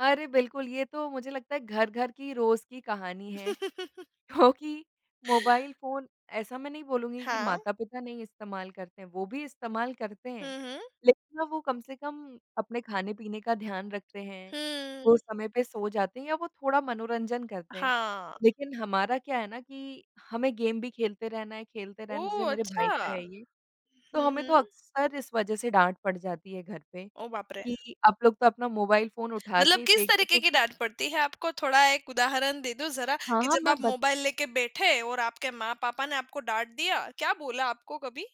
अरे बिल्कुल, ये तो मुझे लगता है घर-घर की रोज़ की कहानी है। क्योंकि मोबाइल फ़ोन ऐसा मैं नहीं बोलूँगी कि हाँ। माता-पिता नहीं इस्तेमाल करते हैं वो भी इस्तेमाल करते हैं। हुँ, हुँ। लेकिन ना वो कम से कम अपने खाने-पीने का ध्यान रखते हैं, वो हम्म। समय पे सो जाते हैं या वो थोड़ा मनोरंजन करते हैं। हाँ। लेकिन हमारा क्या है ना कि हमें गेम भी खेलते रहना है, खेलते रहने जैसे ओह, मेरे भाई अच्छा! का है ये, तो हुँ, हमें तो हुँ। अक्सर इस वजह से डाँट पड़ जाती है घर पे, ओह, बाप रे! कि आप लोग तो अपना मोबाइल फ़ोन उठा मतलब के किस फ़ेक दो तरीके तो की भी डाँट पड़ती है आपको? थोड़ा एक उदाहरण दे दो ज़रा, हाँ, कि हाँ, जब आप मैं बत मोबाइल लेके बैठे और आपके माँ-पापा ने आपको डाँट दिया, क्या बोला आपको कभी?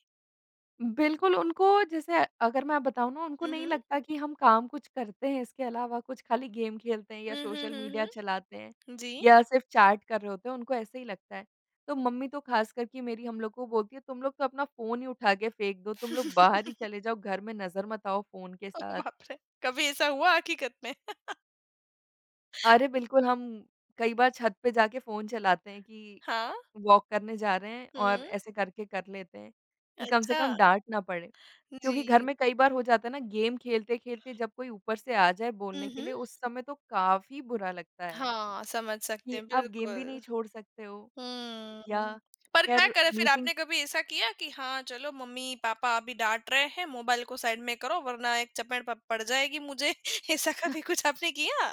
बिल्कुल उनको जैसे अगर मैं बताऊँ ना उनको हुँ, नहीं हुँ। लगता कि हम काम कुछ करते हैं इसके अलावा कुछ खाली गेम खेलते हैं या हुँ, हुँ, सोशल मीडिया हुँ, चलाते हैं, हुँ। जी। या सिर्फ चैट कर रहे होते हैं उनको ऐसे ही लगता है। तो मम्मी तो खास करके मेरी हम लोग को बोलती है तुम लोग तो अपना फ़ोन ही उठा के फेंक दो, तुम लोग बाहर ही चले जाओ घर में नज़र मत आओ फ़ोन के ओ साथ। बाप रे! कभी ऐसा हुआ हकीकत में? अरे! बिल्कुल हम कई बार छत पे जाके फ़ोन चलाते हैं कि हाँ। वॉक करने जा रहे हैं, और हुँ। ऐसे करके कर लेते हैं, कि कम से कम अच्छा। डाँट ना पड़े। क्योंकि घर जी। में कई बार हो जाता है ना गेम खेलते-खेलते जब कोई ऊपर से आ जाए हुँ, बोलने के हुँ। लिए उस समय तो काफ़ी बुरा लगता है। हाँ, समझ सकते कि हैं, आप गेम भी नहीं बिल्कुल। छोड़ सकते हो, या हम्म, पर क्या खैर करें फिर? मीटिंग आपने कभी ऐसा किया कि हाँ, चलो मम्मी-पापा अभी डाँट रहे हैं मोबाइल को साइड में करो वरना एक चपेट प पड़ जाएगी मुझे, ऐसा ह कभी कुछ आपने किया?